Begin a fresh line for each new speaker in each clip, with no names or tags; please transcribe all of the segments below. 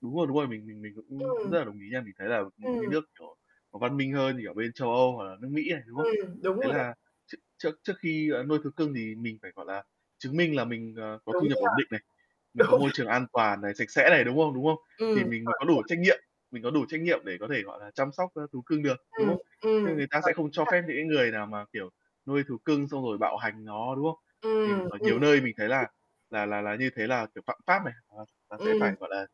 Đúng rồi, đúng rồi. Mình mình mình cũng
Ừm.
rất là đồng ý nha. Mình thấy là những cái
Ừm.
nước, kiểu, văn minh hơn, kiểu, bên Châu Âu hoặc là nước Mỹ này, đúng không?
Ừm, đúng
Thế
rồi đó.
là trước trước trước khi, ờ, nuôi thú cưng thì mình phải, gọi là, chứng minh là mình, ờ, có
Đúng
thu nhập
nha.
ổn định này, mình có
Đúng.
môi trường an toàn này, sạch sẽ này, đúng không? Đúng không?
Ừm,
Thì mình mới
chuẩn,
có đủ
chuẩn.
trách nhiệm mình có đủ trách nhiệm để có thể, gọi là, chăm sóc, a, thú cưng được, đúng
Ừm,
không?
ừm.
Chứ
Chuẩn. Đúng
người ta sẽ không cho
nha.
phép những cái người nào mà, kiểu, nuôi thú cưng xong rồi bạo hành nó, đúng không? Mình
Ừm,
ở
ừm.
nhiều nơi mình thấy là là là là như thế là, kiểu, phạm pháp này, nó nó sẽ
Ừm.
phải, gọi là,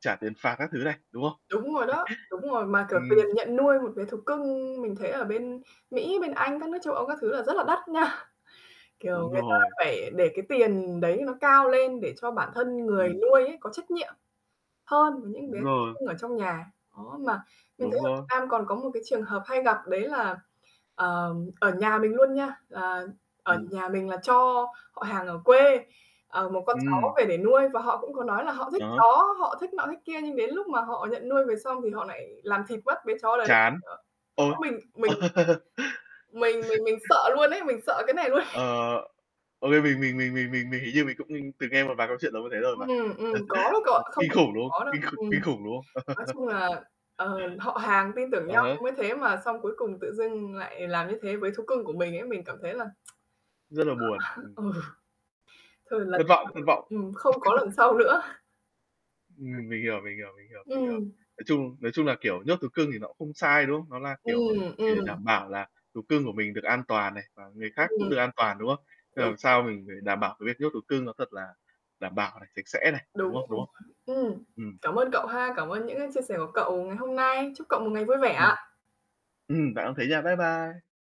trả tiền phạt các thứ này, đúng không?
Đúng rồi đó, đúng rồi. Mà, kiểu, tiền
Ừm.
nhận nuôi một bé thú cưng mình thấy ở bên Mỹ, bên Anh, các nước châu Âu các thứ là rất là đắt nha. Kiểu,
Đúng
người ta
rồi.
phải để cái tiền đấy nó cao lên để cho bản thân người
Ừm.
nuôi ấy có trách nhiệm hơn với những
Đúng
bé thú
rồi.
cưng ở trong nhà. Đó, mà mình thấy
Đúng
ở
rồi.
Việt Nam còn có một cái trường hợp hay gặp, đấy là, ờ, ở nhà mình luôn nha, ờ, ở
Ừm.
nhà mình là cho họ hàng ở quê, ờ, một con chó
Ừm.
về để nuôi, và họ cũng có nói là họ thích
À há.
chó, họ thích nọ thích kia. Nhưng đến lúc mà họ nhận nuôi về xong thì họ lại làm thịt mất bé chó đấy,
Chán. Ôi!
mình mình
Ờ.
mình mình mình sợ luôn ấy, mình sợ cái này luôn.
Ờ. Okay, mình mình mình mình mình mình hình như mình cũng từng nghe một vài câu chuyện giống như thế rồi mà.
Ừm, ừm, có đấy cậu ạ, không
Kinh
phải
khủng,
không
đúng không?
có đâu.
Kinh kh
Ừm.
kinh khủng, đúng không?
Nói chung là, ờ, họ hàng tin tưởng
À
nhau nó
há.
mới thế, mà xong cuối cùng tự dưng lại làm như thế với thú cưng của mình ấy, mình cảm thấy là
Rất là buồn.
ờ,
Ừm.
ừ. Thôi lần
Thất
sau
vọng, thất vọng.
ừm, không có lần sau nữa.
Ừm. Mình hiểu, mình hiểu, mình hiểu, mình hiểu.
Ừm.
Nói chung nói chung là, kiểu, nhốt thú cưng thì nó cũng không sai, đúng không? Nó là, kiểu, à,
Ừm,
chỉ để
ừm.
đảm bảo là thú cưng của mình được an toàn này, và người
Ừm.
khác cũng được an toàn, đúng không? Thế
Đúng
làm
rồi.
sao mình phải đảm bảo cái việc nhốt thú cưng nó thật là đảm bảo này, sạch sẽ này, đúng
Đúng
không? Đúng
rồi.
không?
Ừm.
Ừm.
Cảm ơn cậu ha, cảm ơn những cái chia sẻ của cậu ngày hôm nay. Chúc cậu một ngày vui vẻ
Ừm.
ạ.
Ừm, bạn cũng thế nha. Bye bye.